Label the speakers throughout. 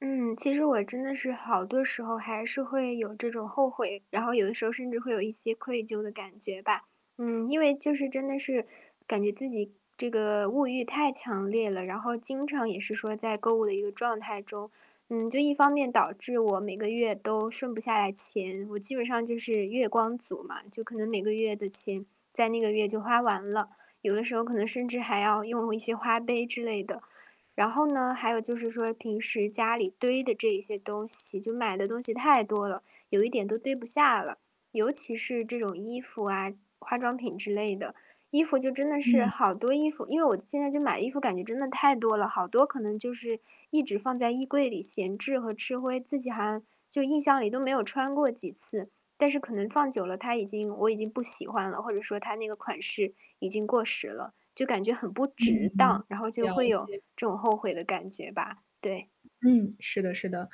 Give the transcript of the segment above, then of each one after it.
Speaker 1: 嗯，其实我真的是好多时候，还是会有这种后悔，然后有的时候甚至会有一些愧疚的感觉吧。嗯，因为就是真的是感觉自己这个物欲太强烈了，然后经常也是说在购物的一个状态中。嗯，就一方面导致我每个月都剩不下来钱，我基本上就是月光族嘛，就可能每个月的钱，在那个月就花完了，有的时候可能甚至还要用一些花呗之类的，然后呢，还有就是说平时家里堆的这些东西，就买的东西太多了，有一点都堆不下了。尤其是这种衣服啊，化妆品之类的。衣服就真的是
Speaker 2: 嗯。
Speaker 1: 好多衣服因为我现在就买衣服，感觉真的太多了，好多可能就是，一直放在衣柜里闲置和吃灰，自己好像就印象里都没有穿过几次，但是可能放久了它已经我已经不喜欢了，或者说它那个款式已经过时了，就感觉很不
Speaker 2: 嗯，
Speaker 1: 值当，然后就
Speaker 2: 了
Speaker 1: 会有
Speaker 2: 解。
Speaker 1: 这种后悔的感觉吧。对。
Speaker 2: 嗯，是的是的。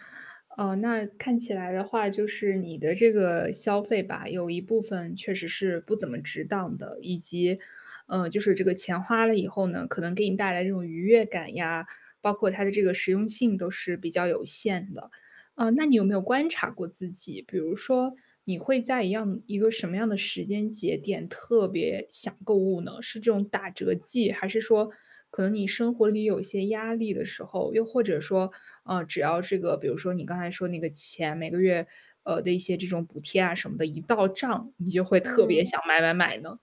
Speaker 2: 嗯，那看起来的话，就是你的这个消费吧，有一部分确实是不怎么值当的，以及嗯，就是这个钱花了以后呢，可能给你带来这种愉悦感呀，包括它的这个实用性都是比较有限的。哦，那你有没有观察过自己，比如说，你会在一样一个什么样的时间节点，特别想购物呢？是这种打折季，还是说，可能你生活里有些压力的时候，又或者说，呃，只要这个比如说你刚才说那个钱，每个月，呃，的一些这种补贴啊什么的，一到账，你就会特别
Speaker 1: 嗯。
Speaker 2: 想买买买呢？